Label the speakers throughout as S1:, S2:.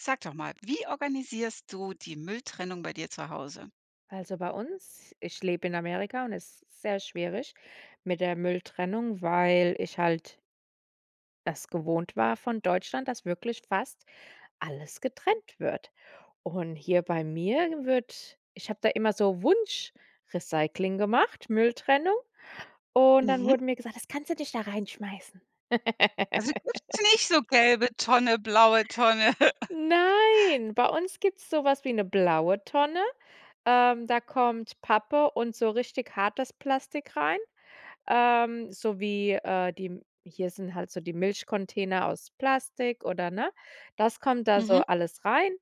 S1: Sag doch mal, wie organisierst du die Mülltrennung bei dir zu Hause?
S2: Also, bei uns ich lebe in Amerika, und es ist sehr schwierig mit der Mülltrennung, weil ich halt es gewohnt war von Deutschland, dass wirklich fast alles getrennt wird. Und hier bei mir wird ich habe da immer so Wunsch-Recycling gemacht, Mülltrennung, und dann
S1: Mhm.
S2: wurde mir gesagt: „Das kannst du nicht da reinschmeißen.“
S1: Also gibt's nicht so gelbe Tonne, blaue Tonne?
S2: Nein. Bei uns gibt's sowas wie 'ne blaue Tonne, ähm, da kommt Pappe und so richtig hartes Plastik rein. Ähm, so wie, äh, die hier sind halt so die Milchcontainer aus Plastik oder ne, das kommt da so
S1: Mhm.
S2: alles rein.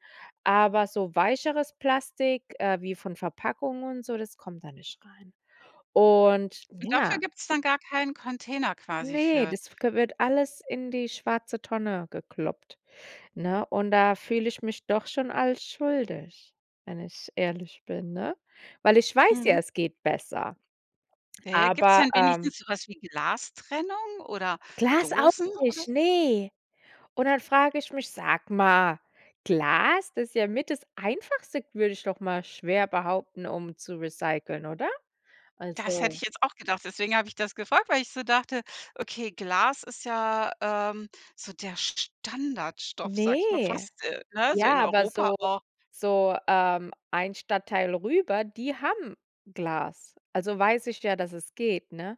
S2: Aber so weicheres Plastik, äh, wie von Verpackung und so, das kommt da nicht rein. Und
S1: Und dafür
S2: ja.
S1: gibt's dann gar keinen Container quasi
S2: Ne,
S1: für?
S2: das kö wird alles in die schwarze Tonne gekloppt, ne? Und da fühle ich mich doch schon als schuldig, wenn ich ehrlich bin, ne? Weil ich weiß ja,
S1: Mhm.
S2: es geht besser.
S1: Ja, ja. Gibt's
S2: Aber,
S1: dann
S2: ähm
S1: wenigstens sowas wie Glastrennung oder
S2: Glas auch
S1: Dosen oder
S2: nicht, ne. Und dann frage ich mich Sag mal, Glas, das ist ja mit das Einfachste, würde ich doch mal schwer behaupten, um zu recyceln, oder?
S1: Das hätte
S2: Also
S1: ich jetzt auch gedacht. Deswegen habe ich das gefragt, weil ich so dachte, okay, Glas ist ja, ähm, so der Standardstoff, sage ich mal,
S2: Ne.
S1: fast, äh, ne? So in
S2: Ja, aber
S1: Europa
S2: so
S1: auch.
S2: so, ähm, ein Stadtteil rüber, die haben Glas. Also, weiß ich ja, dass es geht, ne?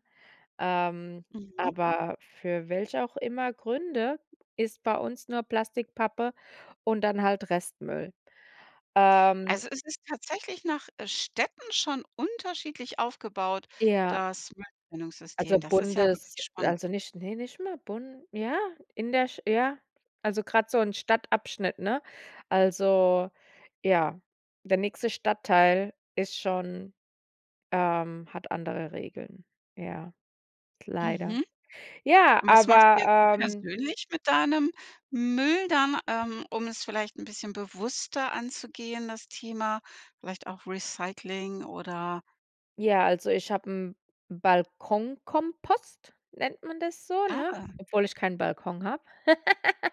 S2: Ähm,
S1: Mhm.
S2: aber für welche auch immer Gründe ist bei uns nur Plastik, Pappe und dann halt Restmüll. Ähm.
S1: Also, es ist tatsächlich nach Städten schon unterschiedlich aufgebaut,
S2: Ja.
S1: das Mülltrennungssystem?
S2: Also,
S1: Das ist ja wirklich
S2: Bundes
S1: spannend.
S2: also, nicht ne, nicht mal Bun ja, in der sch ja. Also, grad so 'n Stadtabschnitt, ne? Also, ja, der nächste Stadtteil ist schon ähm, hat andere Regeln, ja, leider.
S1: Mhm.
S2: Ja,
S1: Und was machst du jetzt so
S2: aber ähm
S1: persönlich mit deinem Müll dann, ähm, um es vielleicht 'n bisschen bewusster anzugehen, das Thema? Vielleicht auch Recycling oder
S2: Ja, also, ich habe 'n Balkonkompost. Nennt man das so,
S1: Ah.
S2: ne? Obwohl ich keinen Balkon habe.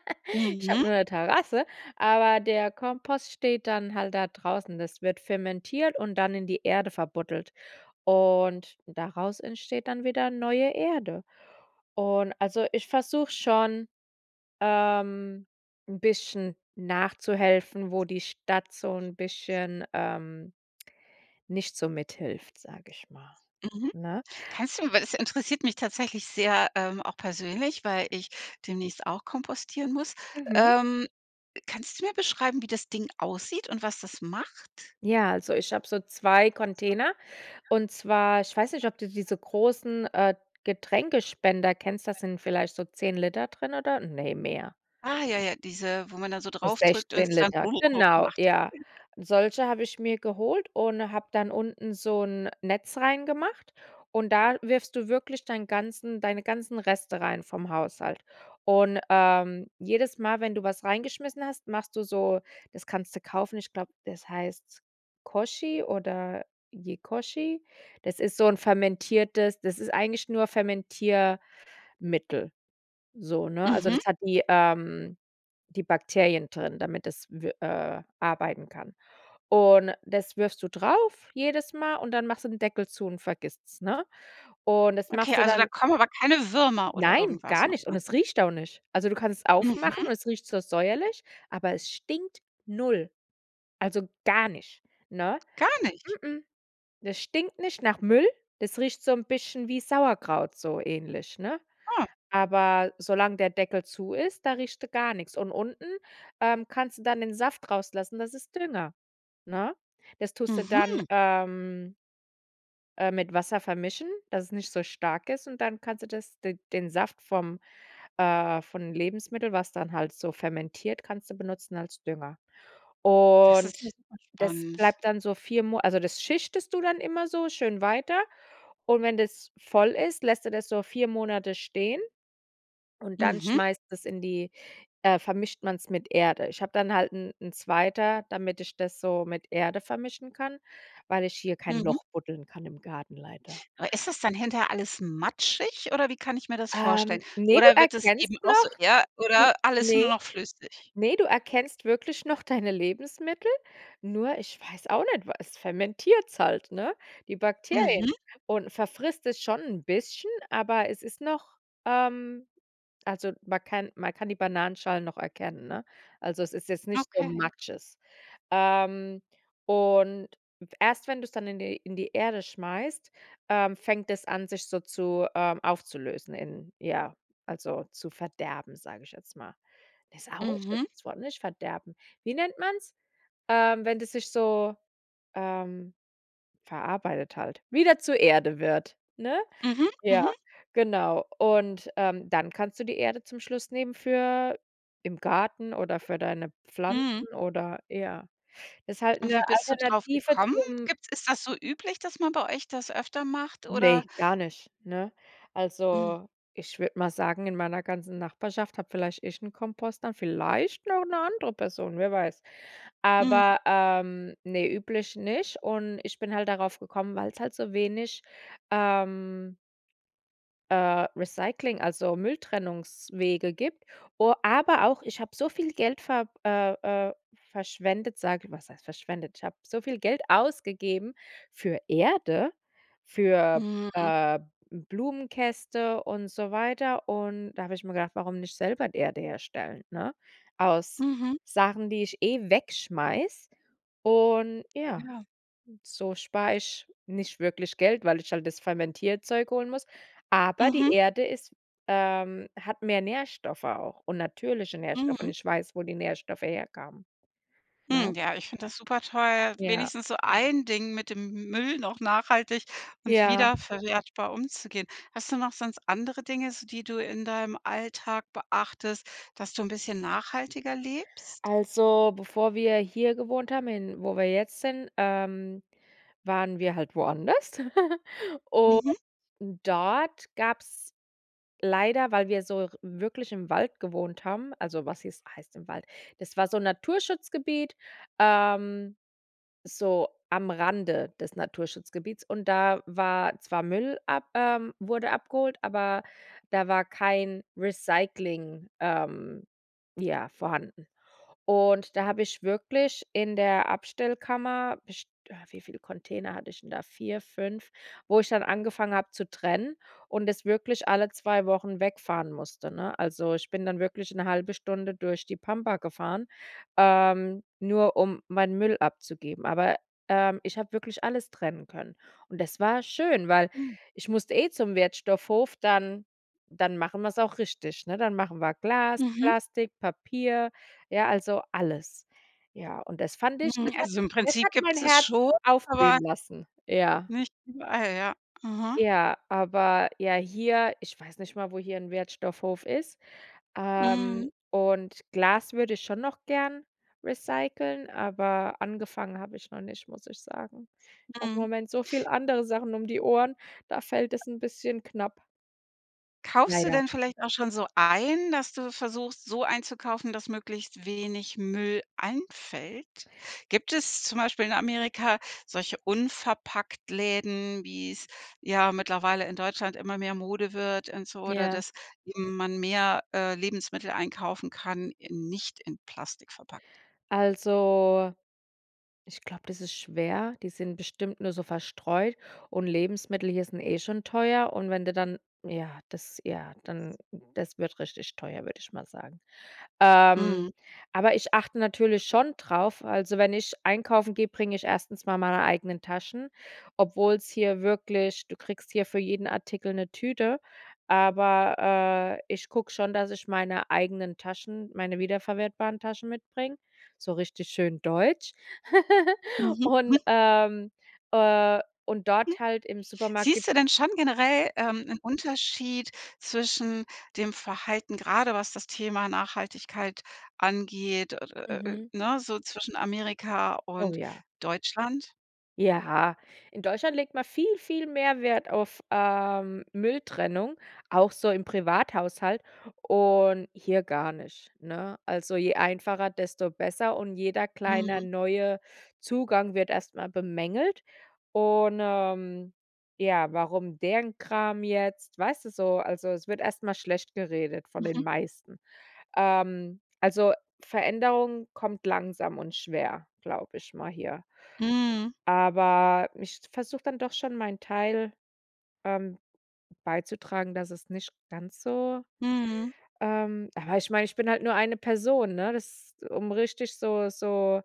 S2: Ich habe
S1: Mhm.
S2: nur 'ne Terrasse, aber der Kompost steht dann halt da draußen. Das wird fermentiert und dann in die Erde verbuddelt, und daraus entsteht dann wieder neue Erde. Und, also, ich versuche schon, ähm, 'n bisschen nachzuhelfen, wo die Stadt so 'n bisschen, ähm, nicht so mithilft, sage ich mal,
S1: Mhm.
S2: ne?
S1: Kannst du weil das interessiert mich tatsächlich sehr, ähm, auch persönlich, weil ich demnächst auch kompostieren muss.
S2: Mhm.
S1: Ähm, kannst du mir beschreiben, wie das Ding aussieht und was das macht?
S2: Ja, also, ich habe so 2 Container. Und zwar ich weiß nicht, ob du diese großen, äh, Getränkespender kennst. Da sind vielleicht so 10 Liter drinnen, oder? Ne, mehr.
S1: Ah, ja, ja, diese, wo man dann so
S2: So
S1: draufdrückt und
S2: 16
S1: das dann
S2: Liter, genau,
S1: macht.
S2: ja. Solche habe ich mir geholt und habe dann unten so 'n Netz reingemacht und da wirfst du wirklich deinen ganzen deine ganzen Reste rein vom Haushalt. Und, ähm, jedes Mal, wenn du was reingeschmissen hast, machst du so das kannst du kaufen, ich glaube, das heißt Koji oder Yekoji. Das ist so 'n Fermentiertes das ist eigentlich nur Fermentiermittel so, ne? Also,
S1: Mhm.
S2: das hat die ähm, die Bakterien drin, damit das w äh, arbeiten kann. Und das wirfst du drauf jedes Mal, und dann machst du den Deckel zu und vergisst's, ne? Und das
S1: Okay,
S2: machst du
S1: also, da
S2: dann
S1: kommen aber keine Würmer oder
S2: Nein,
S1: irgendwas
S2: gar
S1: noch
S2: nicht. Und
S1: rein?
S2: es riecht auch nicht. Also, du kannst es
S1: Mhm.
S2: aufmachen und es riecht so säuerlich, aber es stinkt null. Also, gar nicht, ne?
S1: Gar nicht?
S2: M-m. Das stinkt nicht nach Müll. Das riecht so 'n bisschen wie Sauerkraut, so ähnlich, ne?
S1: Ah.
S2: Aber solange der Deckel zu ist, da riecht er gar nichts. Und unten, ähm, kannst du dann den Saft rauslassen. Das ist Dünger, ne? Das tust du dann,
S1: Mhm.
S2: ähm äh, mit Wasser vermischen, dass es nicht so stark ist, und dann kannst du das d den Saft vom äh, vom Lebensmittel, was dann halt so fermentiert, kannst du benutzen als Dünger.
S1: Das ist ja
S2: Und
S1: super
S2: das
S1: spannend.
S2: bleibt dann so 4 Mona also, das schichtest du dann immer so schön weiter, und wenn das voll ist, lässt du das so 4 Monate stehen. Und dann
S1: Mhm.
S2: schmeißt das in die äh, vermischt man's mit Erde. Ich habe dann halt 'n 'n zweiter, damit ich das so mit Erde vermischen kann, weil ich hier kein
S1: Mhm.
S2: Loch buddeln kann im Garten leider.
S1: Aber ist das dann hinterher alles matschig, oder wie kann ich mir das vorstellen?
S2: Ähm, ne, du
S1: Oder wird das eben
S2: erkennst
S1: auch so
S2: noch.
S1: ja,
S2: Du
S1: oder alles
S2: ne.
S1: nur noch flüssig?
S2: Ne, du erkennst wirklich noch deine Lebensmittel, nur ich weiß auch nicht, was es fermentiert's halt, ne, die Bakterien,
S1: Mhm.
S2: und verfrisst es schon 'n bisschen, aber es ist noch ähm, also, man kann man kann die Bananenschalen noch erkennen, ne? Also, es ist jetzt nicht so
S1: Okay.
S2: Matsches. Ähm, und erst, wenn du es dann in die in die Erde schmeißt, ähm, fängt es an, sich so zu ähm, aufzulösen in ja, also, zu verderben, sage ich jetzt mal. Das ist auch ein
S1: Mhm.
S2: schlechtes Wort, nicht? Verderben. Wie nennt man's, ähm, wenn sich das so, ähm, verarbeitet halt wieder zur Erde wird, ne?
S1: Mhm,
S2: Ja,
S1: mhm.
S2: genau. Und, ähm, dann kannst du die Erde zum Schluss nehmen für im Garten oder für deine
S1: Mhm.
S2: Pflanzen oder ja. Das ist halt
S1: Und
S2: 'ne
S1: wie bist du
S2: Alternative
S1: draufgekommen?
S2: zum
S1: Gibt's ist das so üblich, dass man bei euch das öfter macht, oder?
S2: Ne, gar nicht, ne?
S1: Mhm.
S2: Also, ich würde mal sagen, in meiner ganzen Nachbarschaft habe vielleicht ich 'n Kompost, dann vielleicht noch 'ne andere Person, wer weiß.
S1: Mhm.
S2: Aber, ähm, ne, üblich nicht und ich bin halt darauf gekommen, weil es halt so wenig, ähm äh, Recycling, also Mülltrennungswege gibt o aber auch, ich habe so viel Geld ver äh, äh, verschwendet, sage was heißt verschwendet? Ich habe so viel Geld ausgegeben für Erde, für,
S1: Mhm.
S2: äh, Blumenkästen und so weiter, und da habe ich mir gedacht: „Warum nicht selber Erde herstellen, ne, aus
S1: Mhm.
S2: Sachen, die ich eh wegschmeiße?“ Und
S1: Ja,
S2: ja.
S1: ja.
S2: So spare ich nicht wirklich Geld, weil ich halt das Fermentierzeug holen muss. Aber die
S1: Mhm.
S2: Erde ist ähm, hat mehr Nährstoffe auch und natürliche Nährstoffe, und
S1: Mhm.
S2: ich weiß, wo die Nährstoffe herkamen, ne?
S1: Hm, ja, ich finde das supertoll.
S2: Ja.
S1: Wenigstens so ein Ding, mit dem M Müll noch nachhaltig und
S2: Ja.
S1: wiederverwertbar umzugehen. Hast du noch sonst andere Dinge, so, die du in deinem Alltag beachtest, dass du 'n bisschen nachhaltiger lebst?
S2: Also, bevor wir hier gewohnt haben, in wo wir jetzt sind, ähm, waren wir halt woanders. Und
S1: Mhm.
S2: dort gab's leider, weil wir so r wirklich im Wald gewohnt haben, also, was hieß heißt im Wald. Das war so 'n Naturschutzgebiet, ähm, so am Rande des Naturschutzgebietes, und da war zwar Müll ab ähm, wurde abgeholt, aber da war kein Recycling, ähm, ja, vorhanden. Und da habe ich wirklich in der Abstellkammer best äh, wie viele Container hatte ich denn da? 4, 5, wo ich dann angefangen habe zu trennen und das wirklich alle 2 Wochen wegfahren musste, ne? Also, ich bin dann wirklich 'ne 1/2 Stunde durch die Pampa gefahren, ähm, nur um meinen Müll abzugeben. Aber, ähm, ich habe wirklich alles trennen können. Und das war schön, weil
S1: Hm.
S2: ich musste eh zum Wertstoffhof. Dann dann machen wir's auch richtig, ne? Dann machen wir Glas,
S1: Mhm.
S2: Plastik, Papier, ja, also, alles. Ja, und das fand ich
S1: Hm,
S2: das hat
S1: also, im
S2: das
S1: Prinzip
S2: hat mein
S1: gibt's das
S2: Herz
S1: schon, aber
S2: aufblühen lassen, ja.
S1: nicht überall, ja. Aha.
S2: Ja, aber, ja, hier, ich weiß nicht mal, wo hier 'n Wertstoffhof ist, ähm,
S1: Mhm.
S2: und Glas würde ich schon noch gern recyceln, aber angefangen habe ich noch nicht, muss ich sagen. Ich habe im
S1: Mhm.
S2: Moment so viele andere Sachen um die Ohren, da fällt es 'n bisschen knapp.
S1: Kaufst du
S2: Leider.
S1: denn vielleicht auch schon so ein, dass du versuchst, so einzukaufen, dass möglichst wenig Müll anfällt? Gibt es zum Beispiel in Amerika solche Unverpacktläden, wie es ja mittlerweile in Deutschland immer mehr Mode wird und so, oder,
S2: Ja.
S1: dass man mehr, äh, Lebensmittel einkaufen kann, in nicht in Plastik verpackt?
S2: Also, ich glaube, das ist schwer, die sind bestimmt nur so verstreut, und Lebensmittel hier sind eh schon teuer, und wenn du dann, ja, das ja, dann das wird richtig teuer, würde ich mal sagen. Ähm,
S1: Mhm.
S2: aber ich achte natürlich schon drauf, also, wenn ich einkaufen gehe, bringe ich 1. mal meine eigenen Taschen, obwohl's hier wirklich du kriegst hier für jeden Artikel 'ne Tüte, aber, äh, ich gucke schon, dass ich meine eigenen Taschen, meine wiederverwertbaren Taschen mitbringe, so richtig schön deutsch.
S1: Mhm.
S2: Und,
S1: Hm.
S2: ähm äh, und
S1: Hm,
S2: dort halt im Supermarkt gibt's
S1: siehst du denn schon generell, ähm, 'nen Unterschied zwischen dem Verhalten, gerade was das Thema Nachhaltigkeit angeht, äh, äh, äh, äh,
S2: Mhm.
S1: ne? So zwischen Amerika
S2: Oh,
S1: und
S2: ja.
S1: Deutschland?
S2: Ja, in Deutschland legt man viel, viel mehr Wert auf, ähm, Mülltrennung, auch so im Privathaushalt, und hier gar nicht, ne? Also, je einfacher, desto besser und jeder kleine
S1: Mhm.
S2: neue Zugang wird erstmal bemängelt, und, ähm, ja, warum deren Kram jetzt weißt du so also, es wird erstmal schlecht geredet von den
S1: Mhm.
S2: meisten. Ähm, also, Veränderung kommt langsam und schwer, glaube ich mal hier.
S1: Mhm.
S2: Aber, ich versuche dann doch schon meinen Teil, ähm, beizutragen, dass es nicht ganz so
S1: Mhm.
S2: ähm, aber ich meine, ich bin halt nur eine Person, ne? Das um richtig so so,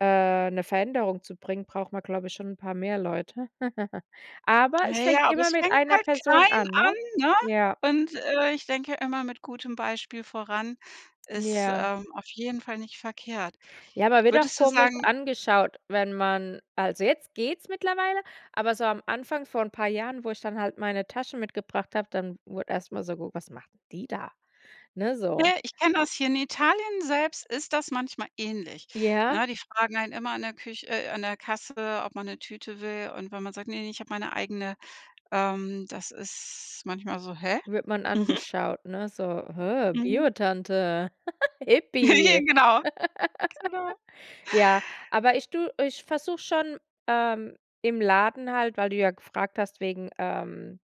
S2: äh, 'ne Veränderung zu bringen, braucht man, glaube ich schon 'n paar mehr Leute. Aber
S1: Na
S2: es fängt
S1: ja, aber
S2: immer
S1: es
S2: mit
S1: fängt
S2: einer
S1: halt
S2: Person
S1: klein
S2: an, ne?
S1: an, ne?
S2: Ja.
S1: Und, äh, ich denke immer mit gutem Beispiel voran ist,
S2: Ja.
S1: ähm, auf jeden Fall nicht verkehrt.
S2: Ja, man wird auch
S1: Würdest du
S2: komisch
S1: sagen
S2: angeschaut, wenn man also jetzt geht's mittlerweile, aber so am Anfang, von 'n paar Jahren, wo ich dann halt meine Taschen mitgebracht habe, dann wurde erstmal so, ge was macht die da? Ne? So.
S1: ich kenne das hier in Italien selbst ist das manchmal ähnlich,
S2: Ja.
S1: ne? Die fragen einen immer an der Küch äh, an der Kasse, ob man 'ne Tüte will und wenn man sagt: „Ne, ich habe meine eigene“, ähm, das ist manchmal so: „Hä?“
S2: Wird man angeschaut, ne? So, hä,
S1: Mhm.
S2: Bio Tante, Hippi.
S1: Genau. Genau.
S2: Ja, aber ich tue ich versuche schon, ähm, im Laden halt, weil du ja gefragt hast, wegen, ähm,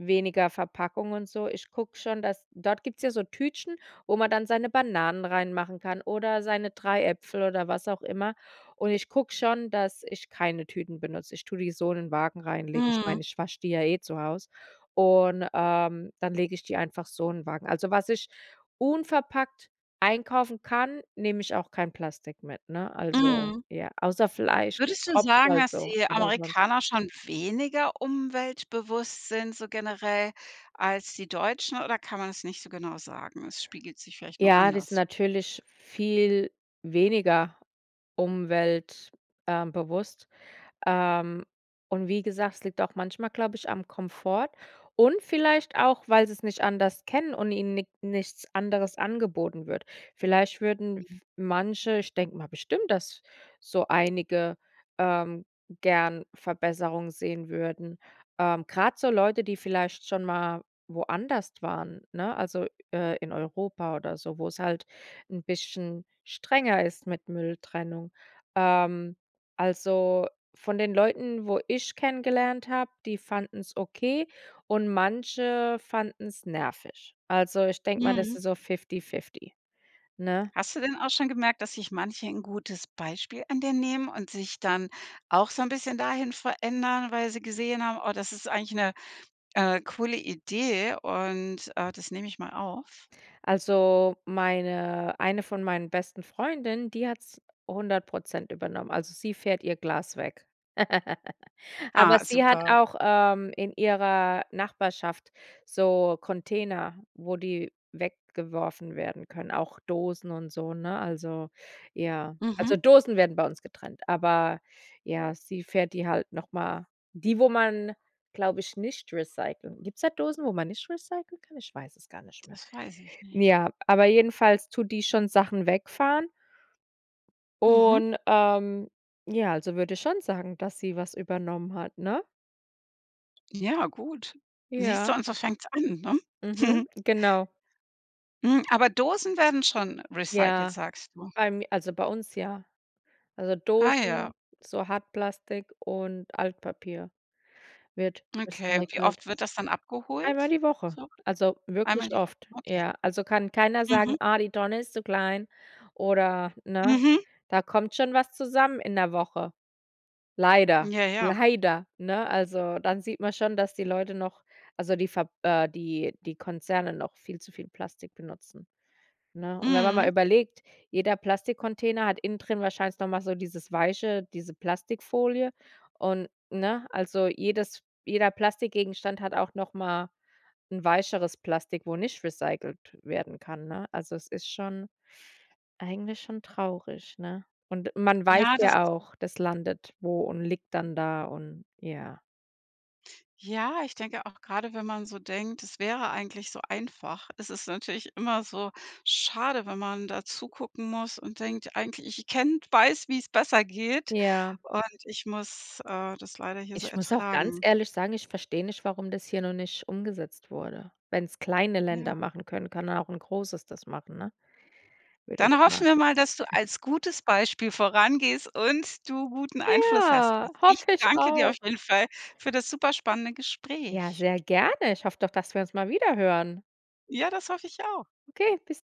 S2: weniger Verpackung und so. Ich gucke schon, dass dort gibt's ja so Tütchen, wo man dann seine Bananen reinmachen kann, oder seine 3 Äpfel oder was auch immer. Und ich gucke schon, dass ich keine Tüten benutze. Ich tue die so in den Wagen reinlegen, ich
S1: Mhm.
S2: meine, ich wasche die ja eh zu Hause, und, ähm, dann lege ich die einfach so in Wagen. Also, was ich unverpackt einkaufen kann, nehme ich auch kein Plastik mit, ne? Also,
S1: Mhm.
S2: ja, außer Fleisch, das
S1: Würdest du
S2: tropft
S1: sagen,
S2: halt
S1: dass
S2: so,
S1: die
S2: aber sonst
S1: Amerikaner schon weniger umweltbewusst sind, so generell, als die Deutschen? Oder kann man das nicht so genau sagen? Es spiegelt sich vielleicht nur
S2: Ja, das ist
S1: anders wider.
S2: natürlich viel weniger umwelt äh, bewusst, ähm, und wie gesagt, es liegt auch manchmal glaube ich am Komfort, und vielleicht auch, weil sie's nicht anders kennen und ihnen nik-nichts anderes angeboten wird. Vielleicht würden
S1: Mhm.
S2: f manche ich denke mal bestimmt, dass so einige, ähm, gern Verbesserung sehen würden. Ähm, grad so Leute, die vielleicht schon mal woanders waren, ne? Also, äh, in Europa oder so, wo's halt 'n bisschen strenger ist mit Mülltrennung. Ähm, also, von den Leuten, wo ich kennengelernt habe, die fanden's okay und manche fanden's nervig. Also, ich denke mir, das
S1: Mhm.
S2: ist so Fifty-Fifty, ne?
S1: Hast du denn auch schon gemerkt, dass sich manche 'n gutes Beispiel an dir nehmen und sich dann auch so 'n bisschen dahin verändern, weil sie gesehen haben: „Oh das ist eigentlich 'ne, äh, coole Idee, und, äh, das nehme ich mal auf?“
S2: Also, meine eine von meinen besten Freundinnen, die hat's 100 % übernommen. Also, sie fährt ihr Glas weg. Aber
S1: Ah,
S2: sie hat
S1: super.
S2: auch, ähm, in ihrer Nachbarschaft so Container, wo die weggeworfen werden können, auch Dosen und so, ne? Also, ja. Also,
S1: Mhm.
S2: Dosen werden bei uns getrennt, aber ja, sie fährt die halt nochmal die wo man, glaube ich, nicht recyclen gibt's da Dosen, wo man nicht recyclen kann? Ich weiß es gar nicht mehr.
S1: Das weiß ich nicht.
S2: Ja, aber jedenfalls tut die schon Sachen wegfahren.
S1: Mhm.
S2: Und, ähm, ja, also, würde ich schon sagen, dass sie was übernommen hat, ne?
S1: Ja, gut. Siehst du,
S2: Ja.
S1: und so fängt's an, ne?
S2: Mhm. Genau.
S1: Hm, aber Dosen werden schon recycelt,
S2: Ja.
S1: sagst du?
S2: Allem also, bei uns, ja. Also,
S1: Ah ja.
S2: Dosen, so Hartplastik und Altpapier wird
S1: Okay. Wie
S2: recycelt.
S1: oft wird das dann
S2: Einmal
S1: abgeholt,
S2: die Woche.
S1: so?
S2: Also,
S1: Einmal
S2: wirklich
S1: die Woche,
S2: oft,
S1: okay.
S2: ja. Also, kann keiner sagen:
S1: Mhm.
S2: „Ah, die Tonne ist zu klein,“ oder ne?
S1: Mhm.
S2: Da kommt schon was zusammen in 'ner Woche. Leider,
S1: Ja, ja.
S2: leider, ne? Also, dann sieht man schon, dass die Leute noch also, die Ver äh, die die Konzerne noch viel zu viel Plastik benutzen, ne? Und wenn man mal
S1: Mhm.
S2: überlegt, jeder Plastikcontainer hat innen drin wahrscheinlich noch mal so dieses weiche diese Plastikfolie, und, ne, also, jedes jeder Plastikgegenstand hat auch nochmal 'n weicheres Plastik, wo nicht recycelt werden kann, ne? Also, es ist schon eigentlich schon traurig, ne? Und man weiß
S1: Ja, das
S2: ja
S1: ist
S2: auch, das landet wo und liegt dann da und ja.
S1: Ja, ich denke auch, grade wenn man so denkt: „Das wäre eigentlich so einfach.“ Es ist natürlich immer so schade, wenn man da zugucken muss und denkt: „Eigentlich ich ich kenne weiß, wie's besser geht,
S2: Ja.
S1: und ich muss, äh, das leider hier so
S2: Ich muss auch ganz
S1: ertragen.“
S2: ehrlich sagen, ich verstehe nicht, warum das hier noch nicht umgesetzt wurde. Wenn's kleine
S1: Ja.
S2: Länder machen können, kann ja auch 'n großes das machen, ne? Würde ich
S1: Dann
S2: ma
S1: hoffen wir mal, dass du als gutes Beispiel vorangehst und du guten Einfluss hast. Und
S2: Ja,
S1: ich
S2: hoffe ich
S1: danke dir auf
S2: auch.
S1: jeden Fall für das super spannende
S2: Ja,
S1: Gespräch.
S2: sehr gerne. Ich hoffe doch, dass wir uns mal wiederhören.
S1: Ja, das hoffe ich auch.
S2: Okay, bis